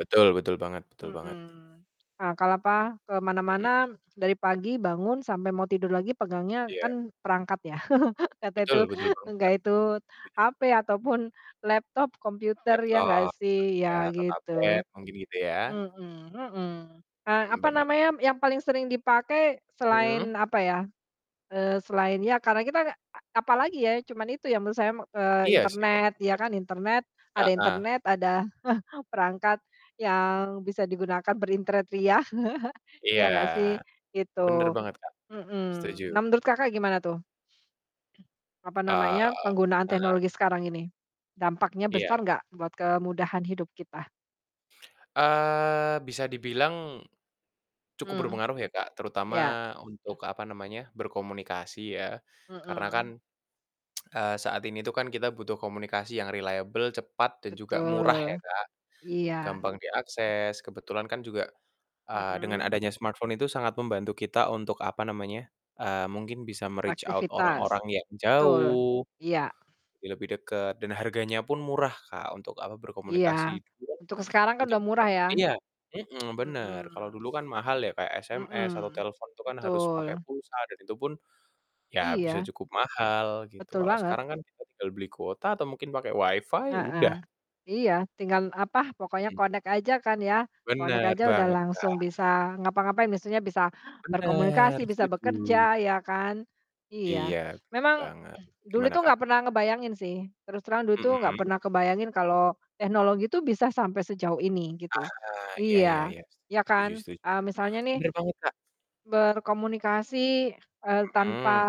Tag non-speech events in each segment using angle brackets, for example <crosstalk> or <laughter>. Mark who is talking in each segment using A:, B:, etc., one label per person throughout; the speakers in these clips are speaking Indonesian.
A: Betul, betul banget betul banget.
B: Mhm. Nah, kalau apa, ke
A: Mmm.
B: mana-mana dari pagi bangun sampai mau tidur lagi, pegangnya
A: Iya.
B: kan perangkat ya, <chuckles> kata
A: Betul,
B: itu
A: betul banget,
B: enggak
A: Kak,
B: itu
A: setuju.
B: HP atau pun laptop, komputer, ya enggak
A: Laptop,
B: sih,
A: ya,
B: ya
A: atau tablet,
B: gitu.
A: mungkin gitu ya?
B: Mhm mhm, eee,
A: Hmm,
B: apa
A: benar.
B: namanya yang paling sering dipakai
A: Hmm.
B: selain apa ya, eee, selain ya karena kita a apalagi ya, cuman itu ya menurut saya me eee,
A: Iya sih, Kak,
B: internet, ya kan, internet,
A: bener.
B: ada
A: Heeh.
B: internet, ada <chuckles> perangkat yang bisa digunakan berinternet ria, <chuckles>
A: Iya.
B: ya nggak sih?
A: Bener
B: Gitu.
A: banget, Kak. Setuju.
B: Mhm. Nah, menurut Kakak gimana tuh? <clears throat> Apa
A: Eee,
B: namanya, penggunaan
A: heeh.
B: teknologi sekarang ini, dampaknya
A: Iya.
B: besar nggak buat kemudahan hidup kita?
A: Eee, bisa dibilang cukup
B: Mmm.
A: berpengaruh ya, Kak,
B: Ya.
A: terutama
B: <clears throat>
A: untuk apa namanya, berkomunikasi ya. Karena kan,
B: Mhm.
A: <tsk>
B: <clears throat>
A: eee, saat ini tuh kan kita butuh komunikasi yang reliable, cepat, dan juga murah ya,
B: Betul.
A: Kak.
B: Iya.
A: Gampang
B: <clears throat>
A: diakses. Kebetulan kan juga, eee, dengan
B: Mhm.
A: adanya smartphone itu sangat membantu kita untuk apa namanya, eee, mungkin bisa me-reach out
B: Aktivitas.
A: orang-orang yang
B: Betul.
A: jauh,
B: Iya.
A: jadi lebih dekat, dan harganya pun murah, Kak, untuk apa,
B: Iya,
A: berkomunikasi, gitu kan,
B: untuk sekarang kan
A: untuk
B: udah murah ya.
A: <unintelligible> iya, mhm, <tsk>
B: Mhm.
A: bener. Kalau dulu kan mahal ya, kayak
B: Mhm,
A: SMS atau telepon itu kan harus
B: betul.
A: pakai pulsa dan itu pun, ya bisa
B: Iya.
A: cukup mahal gitu.
B: Betul
A: Kalau
B: banget.
A: sekarang kan kita tinggal beli kuota atau mungkin pakai WiFi, udah.
B: Heeh. Iya, tinggal apa, pokoknya
A: Mhm.
B: connect aja kan ya, connect
A: Bener
B: aja udah
A: banget,
B: langsung
A: Kak.
B: bisa ngapa-ngapain, biasanya bisa
A: Bener,
B: berkomunikasi, bisa
A: setuju.
B: bekerja, ya kan. Iya.
A: Iya, bener
B: Memang
A: banget.
B: <clears throat> dulu
A: Gimana,
B: itu nggak
A: Kak?
B: pernah ngebayangin sih, terus terang dulu itu nggak
A: Mhm.
B: pernah kebayangin kalau teknologi itu bisa sampai sejauh ini gitu.
A: Aha, iya iya
B: Iya,
A: iya.
B: ya
A: Setuju setuju
B: kan. Eee,
A: setuju.
B: misalnya nih
A: Bener banget, Kak.
B: berkomunikasi, eee, tanpa
A: Mhm.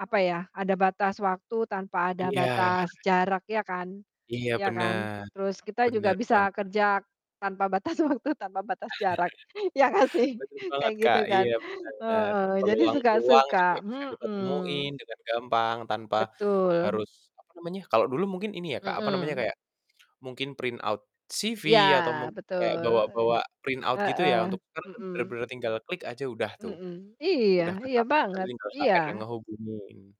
B: apa ya, ada batas waktu, tanpa ada
A: Iya.
B: batas jarak, ya kan?
A: Iya
B: Ya kan?
A: benar,
B: Terus kita juga
A: benar
B: bisa
A: banget.
B: kerja tanpa batas waktu, tanpa batas jarak, ya gak
A: <chuckles>
B: sih?
A: Bener
B: Kayak
A: banget,
B: gitu
A: Kak.
B: kan.
A: Iya, benar.
B: Heeh jadi
A: Peluang-peluang juga
B: suka-suka,
A: bisa kita
B: mhm.
A: temuin dengan gampang tanpa
B: Betul.
A: harus apa namanya kalau dulu mungkin ini ya, Kak, apa namanya,
B: Mhm.
A: kayak mungkin print out CV,
B: Ya,
A: atau mungkin
B: betul.
A: kayak bawa-bawa print out gitu
B: Heeh.
A: ya, untuk sekarang kan
B: Mhm.
A: benar-benar tinggal klik aja udah tuh.
B: Mhm. Iya,
A: Udah ke
B: iya
A: submit
B: banget.
A: tinggal
B: Iya
A: HR yang ngehubungin.